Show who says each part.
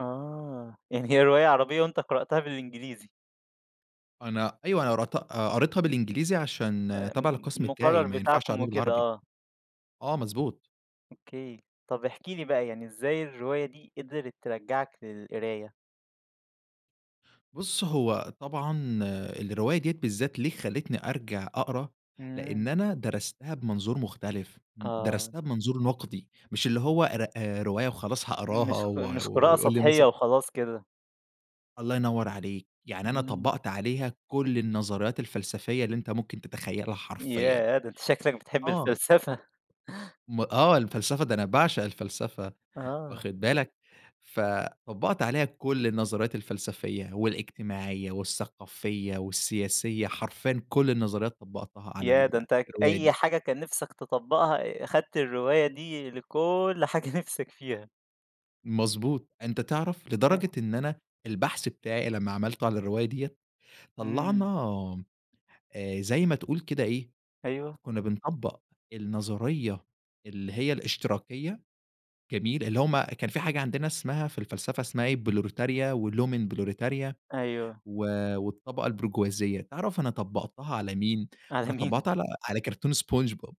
Speaker 1: آه. يعني هي رواية عربية وأنت قرأتها بالإنجليزي.
Speaker 2: أنا أيوه. أنا رتق آآ، قريتها بالإنجليزي عشان تابعة
Speaker 1: آمم،
Speaker 2: للقسم بتاعي،
Speaker 1: المقرر
Speaker 2: ما ينفعش
Speaker 1: بتاعكم
Speaker 2: أقراها
Speaker 1: وكده
Speaker 2: بالعربي.
Speaker 1: آه.
Speaker 2: آه مضبوط.
Speaker 1: أوكي. طب احكِ لي بقى، يعني إزاي الرواية دي قِدرِت ترجّعك للقراية؟
Speaker 2: بُص، هو طبعًا الرواية ديّة بالذات ليه خلّتني أرجع أقرا، لإن
Speaker 1: إمم.
Speaker 2: أنا درستها بمنظور مختلف، ن
Speaker 1: آه.
Speaker 2: درستها بمنظور نقدي، مش اللي هو ر آآ، رواية وخلاص هأقراها
Speaker 1: مش ق
Speaker 2: و
Speaker 1: مش
Speaker 2: و
Speaker 1: قراءة
Speaker 2: ويقول لي مث
Speaker 1: سطحية وخلاص كده.
Speaker 2: الله ينور عليك. يعني أنا
Speaker 1: إمم.
Speaker 2: طبّقت عليها كل النظريات الفلسفية اللي أنت ممكن تتخيّلها حرفيًا.
Speaker 1: ياه! ده أنت شكلك بتحب
Speaker 2: آه.
Speaker 1: الفلسفة.
Speaker 2: م آه. الفلسفة، ده أنا باعشق الفلسفة،
Speaker 1: آه.
Speaker 2: واخِد بالك؟ فطبّقت عليها كل النظريات الفلسفية والاجتماعية والثقافية والسياسية، حرفيًا كل النظريات طبّقتها على
Speaker 1: ياه!
Speaker 2: ال
Speaker 1: ده أنت أك
Speaker 2: الرواية
Speaker 1: أي
Speaker 2: دي.
Speaker 1: حاجة كان نِفْسك تطبّقها أ أخدت الرواية دي لكل حاجة نِفْسك فيها.
Speaker 2: مضبوط. أنت تعرف
Speaker 1: أه
Speaker 2: لدرجة إن أنا البحث بتاعي لمّا عملته على الرواية ديّة، طلّعنا
Speaker 1: إمم.
Speaker 2: آآ، زي ما تقول كده إيه،
Speaker 1: أيوه.
Speaker 2: كُنّا بنطبّق النظرية اللي هي الاشتراكية، جميل؟ اللي هم كان في حاجة عندنا اسمها في الفلسفة اسمها إيه، بروليتاريا ولومن بروليتاريا
Speaker 1: أيوه.
Speaker 2: و والطبقة البرجوازية، تعرف أنا طبّقتها على مين؟
Speaker 1: على
Speaker 2: أنا
Speaker 1: مين؟
Speaker 2: طبّقتها على على كارتون اسبونج بوب.